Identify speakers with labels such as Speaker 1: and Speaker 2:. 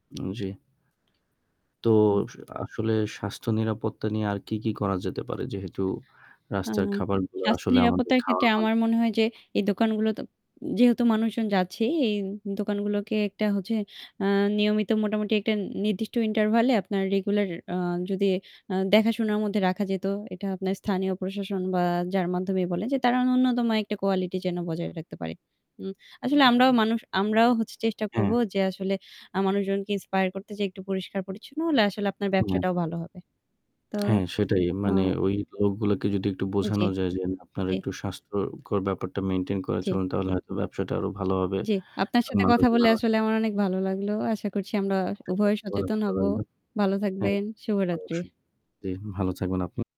Speaker 1: হুম জি। তো
Speaker 2: হু।
Speaker 1: সো আসলে স্বাস্থ্য নিরাপত্তা নিয়ে আর কি, কি করা যেতে পারে যেহেতু
Speaker 2: আ
Speaker 1: রাস্তার খাবারগুলো
Speaker 2: স্বাস্থ্য
Speaker 1: আসলে আমাদের
Speaker 2: নিরাপত্তার
Speaker 1: খাওয়া
Speaker 2: ক্ষেত্রে
Speaker 1: হয়।
Speaker 2: আমার মনে হয় যে এই দোকানগুলো তো যেহেতু মানুষজন যাচ্ছে এই দোকানগুলোকে একটা হচ্ছে আ নিয়মিত মোটামুটি একটা নির্দিষ্ট ইন্টারভ্যালে আপনার রেগুলার আ যদি দেখাশোনার মধ্যে রাখা যেত, এটা আপনার স্থানীয় প্রশাসন বা যার মাধ্যমেই বলেন যে তারা নুন্যতম একটা কোয়ালিটি যেন বজায় রাখতে পারে। উ আসলে আমরাও মানুষ, আমরাও চেষ্টা করব
Speaker 1: হ্যাঁ।
Speaker 2: যে আসলে আ মানুষজনকে ইন্সপায়ার করতে যেয়ে একটু পরিষ্কার পরিচ্ছন্ন হলে আসলে আপনার
Speaker 1: হু।
Speaker 2: ব্যবসাটাও ভালো হবে। তো
Speaker 1: হ্যাঁ, সেটাই। মানে
Speaker 2: আ
Speaker 1: ওই লোকগুলোকে যদি একটু বোঝানো
Speaker 2: জি,
Speaker 1: যায় যে আপনারা
Speaker 2: জি।
Speaker 1: একটু স্বাস্থ্যকর ব্যাপারটা মেইনটেইন করে
Speaker 2: জি।
Speaker 1: চলে্ন তাহলে হয়তো ব্যবসাটা আরো ভালো হবে।
Speaker 2: জি, আপনার সাথে কথা বলে
Speaker 1: [unintelligible]
Speaker 2: আসলে আমার অনেক ভালো লাগলো। আশা করছি আমরা উভয় সচেতন হবো।
Speaker 1: [unintelligible]
Speaker 2: ভালো
Speaker 1: হ্যাঁ,
Speaker 2: থাকবেন। শুভরাত্রি।
Speaker 1: অবশ্যই। জি, ভালো থাকবেন আপনিও।